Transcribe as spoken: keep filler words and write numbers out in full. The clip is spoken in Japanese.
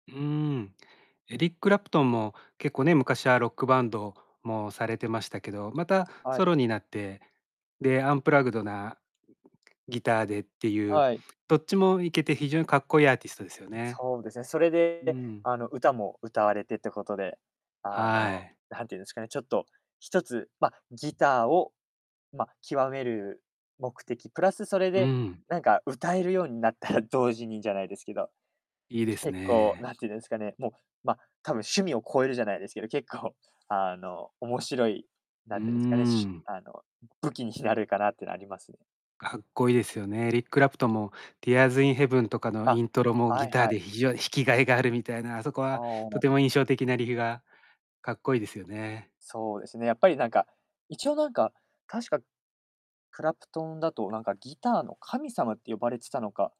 うーん。エリック・クラプトンも、結構ね、昔はロックバンドもされてましたけど、またはソい。ロになって、で、アンプラグドなギターでってゆう、はい。どっちもいけて、非常にかっこいいアーティストですよね。そうですね、それうで、ん。あの、歌も歌われてってことで、あはの、い。なんていうんですかね、ちょっとひとつ、ま、ギターを、ま、極める目的プラス、それうで、ん。なんか歌えるようになったら、同時にじゃないですけど、いいです結構ね。なんてんですかね、もう、ま、多分趣味を超えるじゃないですけど、結構、あの、面白い、うーなんてんですかね、しゅん。あの、武器になるかなってのありますね。かっこいいですよね、エリック・クラプトンも、ティアーズ・イン・ヘヴンとかのあ、イントロも、ギはいターはい。で非常に弾きがいがあるみたいな、あそこははとても印あ。象的なリフがかっこいいですよね。そうですね、やっぱりなんか、一応なんか、確か、クラプトンだと、なんかギターの神様って呼ばれてたのか